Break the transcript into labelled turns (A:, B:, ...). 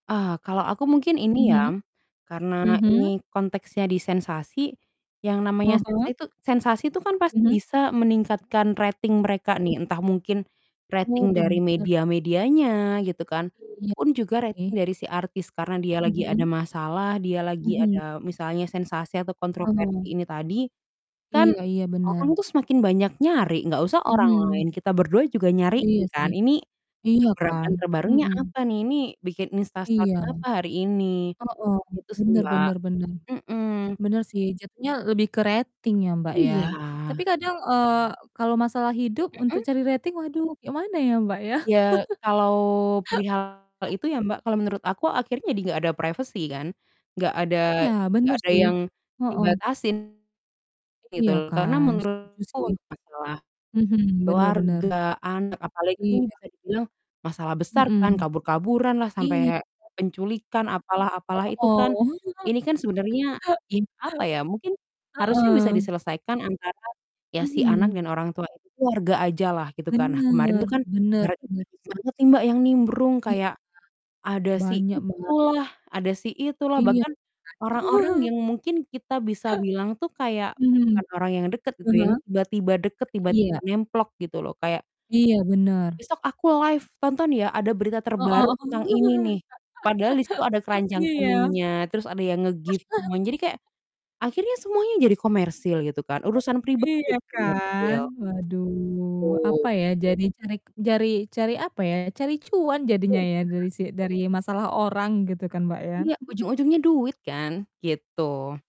A: Ah, kalau aku mungkin ini
B: Mhm.
A: ya, karena
B: Mhm.
A: ini konteksnya di sensasi, yang
B: Ah
A: namanya sensa
B: hah.
A: itu sensasi itu kan pasti
B: Mhm.
A: bisa meningkatkan rating mereka
B: [unintelligible]
A: nih. Entah mungkin,
B: Oh
A: rating dari
B: benar.
A: media-medianya gitu kan,
B: Iya,
A: pun juga rating
B: oke.
A: dari si artis, karena dia lagi ada
B: Mhm.
A: masalah, dia lagi
B: Mhm.
A: ada, misalnya sensasi atau kontroversi
B: Oh.
A: ini tadi. Kan,
B: Iya iya, benar.
A: orang tuh semakin banyak nyari, enggak usah orang
B: Mhm.
A: lain, kita berdua juga
B: Iya
A: nyariin kan.
B: sih,
A: Ini,
B: iya kan,
A: gebrakan terbarunya
B: mhm.
A: apa nih? Ini bikin
B: Iya.
A: instastory apa hari ini?
B: Hooh,
A: Gitu sih,
B: benar
A: Mbak.
B: benar benar.
A: Mhm.
B: Benar sih, jatuhnya lebih ke rating ya Mbak ya.
A: Iya.
B: Tapi kadang, eee, kalau masalah hidup, untuk
A: Mhm.
B: cari rating, waduh, kek mana ya Mbak ya?
A: Ya, kalau perihal itu ya Mbak, kalau menurut aku, akhirnya jadi enggak ada privacy kan, enggak ada
B: Iya,
A: enggak
B: benar
A: ada
B: sih.
A: yang
B: Heeh.
A: dibatasin, gitu
B: Iya
A: loh. Karena
B: kan, setuju
A: menurutku
B: sih.
A: untuk masalah
B: Mhm, benar benar.
A: keluarga, anak, apalagi kan ini
B: Iya.
A: bisa dibilang, masalah besar kan,
B: Mhm.
A: kabur-kaburan lah, sampai
B: Iya.
A: penculikan, apalah apalah itu kan.
B: Hooh,
A: Ini kan sebenarnya
B: iya.
A: in apa ya, mungkin harusnya bisa
B: Heeh.
A: diselesaikan antara, ya si anak
B: Mhm.
A: dan orang tua itu, keluarga aja lah gitu kan. Nah kemarin
B: Benar,
A: itu kan,
B: benar
A: [unintelligible]
B: benar.
A: banget sih Mbak yang nimbrung,
B: Iya.
A: kayak ada si
B: Banyak, Mbak.
A: itulah ada si itulah,
B: Iya
A: bahkan,
B: kan.
A: orang-orang yang mungkin kita bisa bilang tuh kayak,
B: Hmm,
A: bukan orang yang dekat
B: ah
A: gitu, yang
B: hah.
A: tiba-tiba dekat, tiba-tiba
B: Iya.
A: nemplok gitu loh. Kayak
B: Iya, benar.
A: "Besok aku live, tonton ya, ada berita terbaru
B: Hooh,
A: tentang ini nih." Padahal di situ ada keranjang
B: iya.
A: kuningnya, terus ada yang nge-gift semuanya. Jadi kayak, akhirnya semuanya jadi komersil gitu kan,
B: [unintelligible]
A: urusan pribadi
B: Iya
A: jadi
B: kan,
A: komersil.
B: waduh, apa
A: Betul.
B: ya, jadi carek jari cari apa, apa ya, cari cuan jadinya
A: Iya.
B: ya dari si dari masalah orang, gitu kan Mbak ya.
A: Iya, ujung-ujungnya duit kan, gitu.